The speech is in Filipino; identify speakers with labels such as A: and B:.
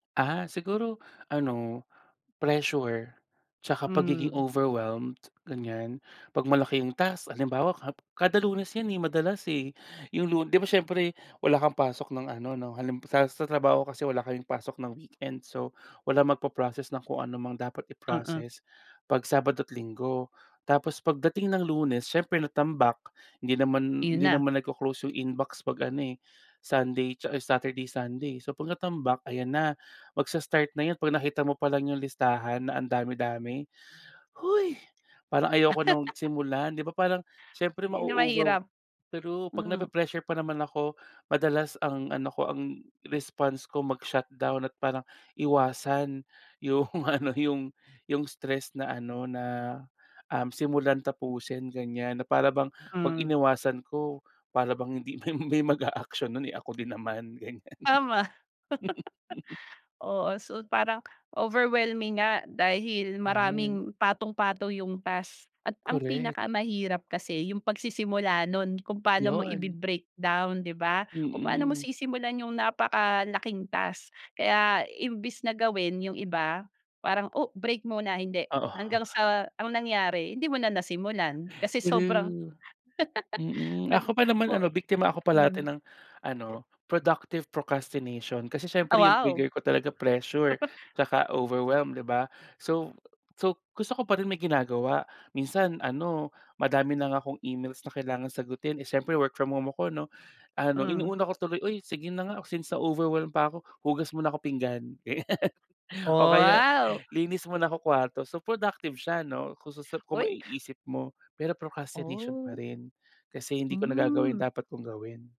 A: Ah, siguro ano, pressure tsaka pagiging
B: Hmm.
A: overwhelmed, ganiyan. 'Pag malaki ang task halimbawa ka kada Lunes yan, eh, madalas, eh, yung lu 'di ba siyempre wala kang pasok ng ano 'no, hal sa trabaho kasi wala kayong pasok ng weekend, so, walang magpo-process ng kung ano mga dapat
B: Mm.
A: i-proccess, pag Sabado at Linggo. Tapos pagdating ng Lunes siyempre, natambak hindi naman
B: Iyun
A: hindi
B: na.
A: naman nagko-close yung inbox pag ano, eh, Sunday or Saturday, Sunday. So 'pag natambak ayan na, magsa-start na yun pag nakita mo palang yung listahan na ang dami-dami. "Hoy! Parang ayoko nang simulan", 'di ba. Parang siyempre
B: 'Yun ang
A: mauugaw,
B: mahirap.
A: pero 'pag
B: Mm.
A: napre-pressure pa naman ako madalas ang ano ko ang response ko mag shutdown at parang iwasan yung ano, yung yung stress na ano na, um, simulan-tapusin ganiyan, na para bang 'pag
B: Hmm.
A: iniwasan ko, para bang hindi may may maga-action nun, eh, ako din naman ganiyan.
B: Tama. Oo, so parang overwhelming nga dahil
A: 'Yun.
B: maraming patong-patong yung task at ang
A: Korek.
B: pinakamahirap kasi yung pagsisimula nun kung paano mo
A: 'Yun.
B: ibi-breakdown 'di ba, kung paano mo
A: Mm.
B: sisimulan yung napakalaking task. Kaya, imbes na gawin yung iba, parang, oh, break muna, hindi,
A: Oo.
B: hanggang sa anong nangyari? Hindi mo na nasimulan kasi sobrang
A: True mm,
B: nag
A: ako pa naman
B: mot
A: ano biktima ako parati
B: hmm.
A: ng ano productive procrastination kasi
B: Ah,
A: siyempre yung
B: wow!
A: trigger ko talaga pressure tsaka overwhelmed 'di ba. So, so gusto ko pa rin may ginagawa. Minsan ano madami na nga akong emails na kailangang sagutin, eh, syiempre work from home ako 'no, ano
B: Hmm.
A: inuuna ko tuloy, "Uy sige na nga, since sa overwhelm pa ako, hugas muna ako pinggan."
B: Oh,
A: O kaya,
B: wow!
A: "Linis muna ako kwarto", so productive siya 'no kung susu kung
B: Uy.
A: maiisip mo pero procrastination pa
B: Oh.
A: rin, kasi hindi ko nagagawa yung
B: Hmm.
A: dapat kong gawin.